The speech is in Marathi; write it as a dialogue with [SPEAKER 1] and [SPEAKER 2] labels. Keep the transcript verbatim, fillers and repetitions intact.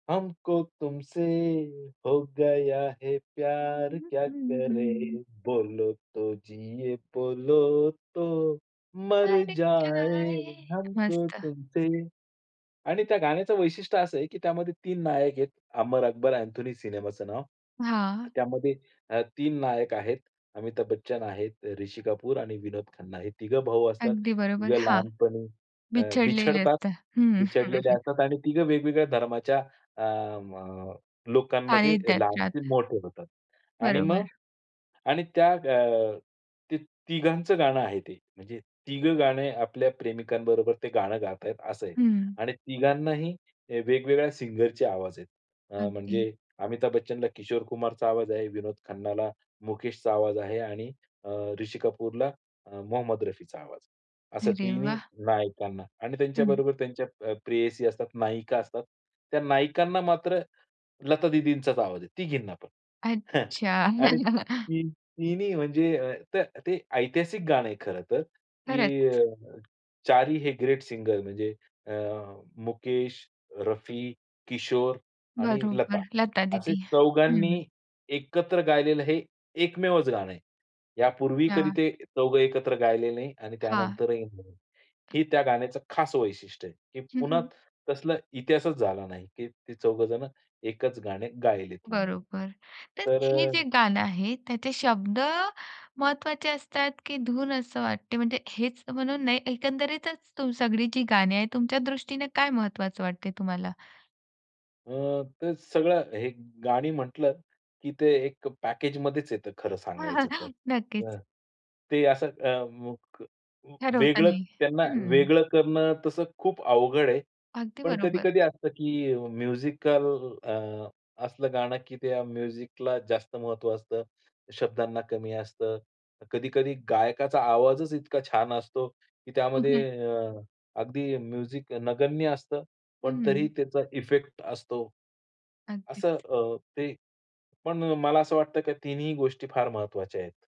[SPEAKER 1] हमको तुमसे हो गया है प्यार क्या करे. बोलो तो जिये बोलो तो मर
[SPEAKER 2] मर
[SPEAKER 1] जाये
[SPEAKER 2] जाये
[SPEAKER 1] हमको
[SPEAKER 2] मस्त.
[SPEAKER 1] तुमसे. आणि त्या गाण्याचं वैशिष्ट्य असं आहे की त्यामध्ये तीन नायक आहेत. अमर अकबर अँथोनी सिनेमाचं नाव.
[SPEAKER 2] हां.
[SPEAKER 1] त्यामध्ये अ, तीन नायक आहेत. अमिताभ बच्चन आहेत, ऋषी कपूर आणि विनोद खन्ना हे तिघं भाऊ असतात.
[SPEAKER 2] अगदी बरोबर
[SPEAKER 1] तिघं
[SPEAKER 2] हां.
[SPEAKER 1] लहानपणी अ,
[SPEAKER 2] बिछडलेले
[SPEAKER 1] बिछडतात.
[SPEAKER 2] असतात. हं, हं, हं,
[SPEAKER 1] बिछडलेले
[SPEAKER 2] हं.
[SPEAKER 1] असतात आणि तिघं वेगवेगळ्या धर्माच्या अम लोकांमध्ये
[SPEAKER 2] सानिध्यात
[SPEAKER 1] लहानाचे
[SPEAKER 2] राहतात.
[SPEAKER 1] मोठे होतात. आणि मग
[SPEAKER 2] बरोबर.
[SPEAKER 1] आणि त्या अ, ते तिघांचं गाणं आहे ते म्हणजे तिघं गाणे आपल्या प्रेमिकांबरोबर ते गाणं गातात असं आहे.
[SPEAKER 2] हं.
[SPEAKER 1] आणि तिघांनाही अ, वेगवेगळ्या सिंगरचे आवाज आहे. अ,
[SPEAKER 2] अगदी.
[SPEAKER 1] म्हणजे अमिताभ बच्चनला किशोर कुमारचा आवाज आहे, विनोद खन्नाला मुकेशचा आवाज आहे आणि अ, ऋषी कपूरला अ, मोहम्मद रफीचा आवाज आहे. असं
[SPEAKER 2] अरे
[SPEAKER 1] तिन्ही
[SPEAKER 2] वाह!
[SPEAKER 1] नायकांना आणि
[SPEAKER 2] हं.
[SPEAKER 1] त्यांच्याबरोबर त्यांच्या अ, प्रेयसी असतात. नायिका असतात. त्या नायकांना मात्र लता दीदींचाच आवाज आहे. तिघींना पण.
[SPEAKER 2] अच्छा.
[SPEAKER 1] आणि तीन म्हणजे त ते ऐतिहासिक गाणं आहे खरं तर की अ,
[SPEAKER 2] खरंच.
[SPEAKER 1] चारी हे ग्रेट सिंगर म्हणजे अ, मुकेश, रफी, किशोर आणि लता
[SPEAKER 2] बरोबर, लता
[SPEAKER 1] असे
[SPEAKER 2] दीदी.
[SPEAKER 1] चौघांनी
[SPEAKER 2] हं.
[SPEAKER 1] एकत्र गायलेलं हे एकमेवच गाणं आहे. यापूर्वी कधी
[SPEAKER 2] अच्छा.
[SPEAKER 1] ते चौघं एकत्र गायले नाही आणि
[SPEAKER 2] हां.
[SPEAKER 1] त्यानंतरही नाही. हे त्या गाण्याचं खास वैशिष्ट्य आहे की
[SPEAKER 2] हं,
[SPEAKER 1] पुन्हा
[SPEAKER 2] हं.
[SPEAKER 1] तसला इतिहासच झाला नाही की ते चौघ जण एकच गाणे गायलेत म्हणून.
[SPEAKER 2] बरोबर तर
[SPEAKER 1] तर
[SPEAKER 2] हे
[SPEAKER 1] अ
[SPEAKER 2] जे गाणं आहे त्याचे शब्द महत्त्वाचे असतात की धून असं वाटते म्हणजे हेच म्हणून नाही एकंदरीतच सगळी जी गाणी आहेत तुमच्या दृष्टीने काय महत्त्वाचं वाटते तुम्हाला?
[SPEAKER 1] अ, ते सगळं हे गाणी म्हटलं की ते एक पॅकेजमध्येच येतं खरं
[SPEAKER 2] हां,
[SPEAKER 1] सांगायचं तर.
[SPEAKER 2] हां, नक्कीच.
[SPEAKER 1] ते असं अ, [unintelligible]
[SPEAKER 2] ठरवता
[SPEAKER 1] वेगळं
[SPEAKER 2] नाही.
[SPEAKER 1] त्यांना
[SPEAKER 2] हं.
[SPEAKER 1] वेगळं करणं तसं खूप अवघड आहे.
[SPEAKER 2] अगदी
[SPEAKER 1] पण
[SPEAKER 2] बरोबर.
[SPEAKER 1] कधी-कधी असतं की म्युझिकल अ, असलं गाणं की त्या म्युझिकला जास्त महत्त्व असतं. शब्दांना कमी असतं. कधी-कधी गायकाचा आवाजच इतका छान असतो की
[SPEAKER 2] हं,
[SPEAKER 1] त्यामध्ये
[SPEAKER 2] हं.
[SPEAKER 1] अ, अगदी म्युझिक नगण्य असतं. पण तरीही
[SPEAKER 2] हं.
[SPEAKER 1] त्याचा इफेक्ट असतो. असं
[SPEAKER 2] अगदीच.
[SPEAKER 1] अ, ते पण मला असं वाटतं की तिन्ही गोष्टी फार महत्त्वाच्या आहेत.